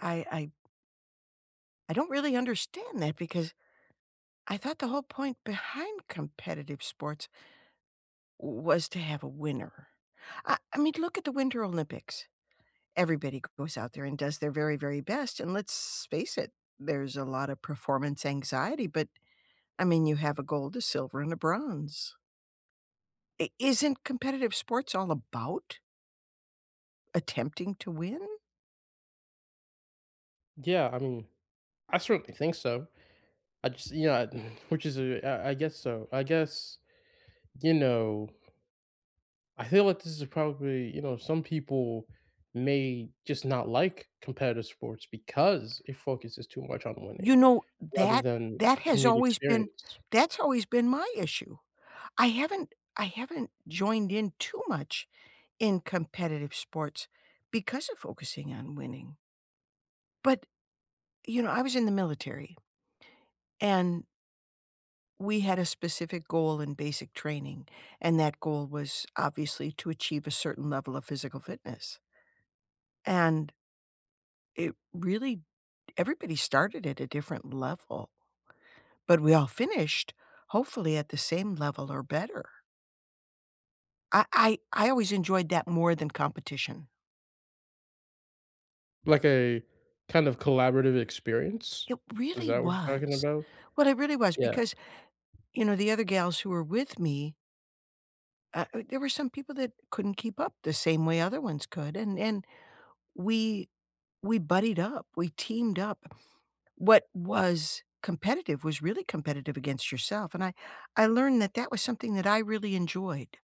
I I I don't really understand that because I thought the whole point behind competitive sports w was to have a winner. I I mean look at the Winter Olympics. Everybody goes out there and does their very, very best, and let's face it, there's a lotta performance anxiety, but I mean, you have a gold, a silver, and a bronze. I Isn't competitive sports all about attempting to win? Yeah, I mean, I certainly think so. I just you know, I which is a I guess so I guess, you know I feel like this is probably, you know, some people may just not like competitive sports because it focuses too much on You winning, know, rather that than that a has community always been experience. that's always been my issue. I haven't I haven't joined in too much in competitive sports because of focusing on winning but, you know, I was in the military and we had a specific goal in basic training, and that goal was obviously to achieve a certain level of physical fitness. And it really everybody started at a different level but we all finished, hopefully, at the same level or better. I I I always enjoyed that more than competition. Like a kind of collaborative experience, It is really that what you're talking was. about? What it really was Yeah. because, you know, the other gals who were with me uh u there were some people that couldn't keep up the same way other ones could, and and we we buddied up, we teamed up. What was competitive was really competitive against yourself. And I I learned that that was something that I really enjoyed.